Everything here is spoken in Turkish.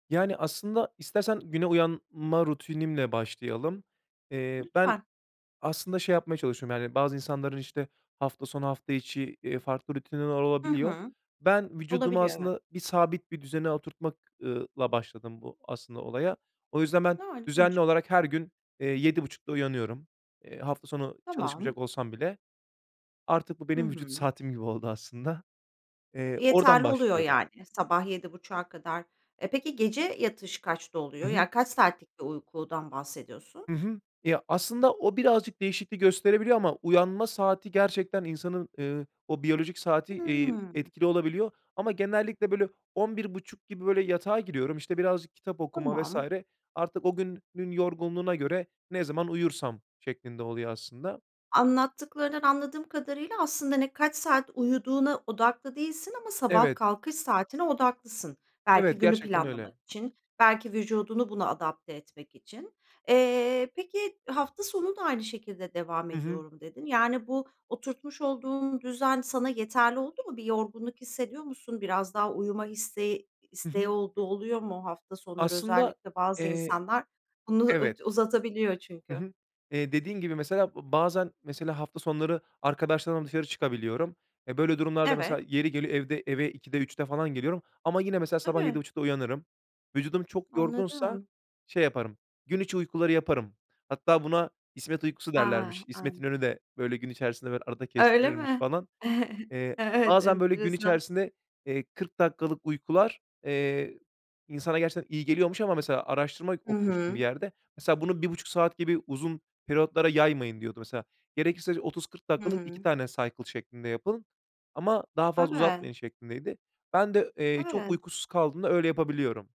Yani, aslında, istersen güne uyanma rutinimle başlayalım. Eee, ben Lütfen. aslında şey yapmaya çalışıyorum; yani, bazı insanların işte hafta sonu, hafta içi, iii, farklı rutinleri Hı olabiliyor. hı. Ben vücudumu Olabiliyor evet. aslında bir, sabit bir düzene oturtmak ııı, [unintelligible] başladım bu aslında, olaya. O yüzden ben Ha, ilginç. düzenli olarak her gün, eee, 07.30'da uyanıyorum, eee, hafta sonu Tamam. çalışmayacak olsam bile. Artık bu Hı benim vücut hı. saatim gibi oldu aslında. Eee, oradan Yeterli oluyor başlıyorum. yani. Sabah 07.30'a kadar. Eee, peki, gece yatış kaçta Hı oluyor? hı. Yani, kaç saatlik bir uykudan bahsediyorsun? Hı hı. Ya, aslında o birazcık değişiklik gösterebiliyor ama uyanma saati gerçekten insanın, eee, o biyolojik saati, iii, Hımm. etkili olabiliyor. Ama genellikle böyle 23.30 gibi böyle yatağa giriyorum işte, birazcık kitap okuma vs. Tamam. Artık o gün gün yorgunluğuna göre, ne zaman uyursam şeklinde oluyor, aslında. Anlattıklarından anladığım kadarıyla, aslında, hani, kaç saat uyuduğuna odaklı değilsin ama sabah Evet. kalkış saatine odaklısın. Belki Evet, günü gerçekten öyle. planlamak için, belki vücudunu buna adapte etmek için. Eee, peki, hafta sonu da aynı şekilde devam Hı hı. ediyorum dedin. Yani, bu oturtmuş olduğun düzen, sana yeterli oldu mu? Bir yorgunluk hissediyor musun? Biraz daha uyuma isteği Hı isteği hı. olduğu oluyor mu, hafta sonları? Aslında, Özellikle bazı eee, insanlar bunu evet. u-uzatabiliyor Hı çünkü. hı. Eee, dediğim gibi, mesela b bazen, mesela hafta sonları arkadaşlarımla dışarı çıkabiliyorum. Ya, böyle durumlarda mesela Evet. yeri geliyor, evde eve 02.00'de, 03.00'de falan geliyorum. Ama yine, mesela sabah yedi Tabii. buçukta uyanırım. Vücudum çok yorgunsa Anladım. şey yaparım, gün içi uykuları yaparım. Hatta buna İsmet Uykusu A. derlermiş, İsmet An İnönü de böyle gün içerisinde arada Öyle kestirirmiş mi? falan. Eee, Evet, bazen böyle gün enteresan. içerisinde, eee, 40 dakikalık uykular, eee, insana gerçekten iyi geliyormuş ama, mesela, araştırma Hı okumuştum bir hı. yerde. Mesela, "Bunu 1,5 saat gibi uzun periyotlara yaymayın." diyordu, mesela. Gerekirse 30-40 Hı dakikalık 2 hı. tane cycle şeklinde yapın ama daha fazla Evet. uzatmayın, şeklindeydi. Ben de, eee, çok Evet. uykusuz kaldığımda öyle yapabiliyorum.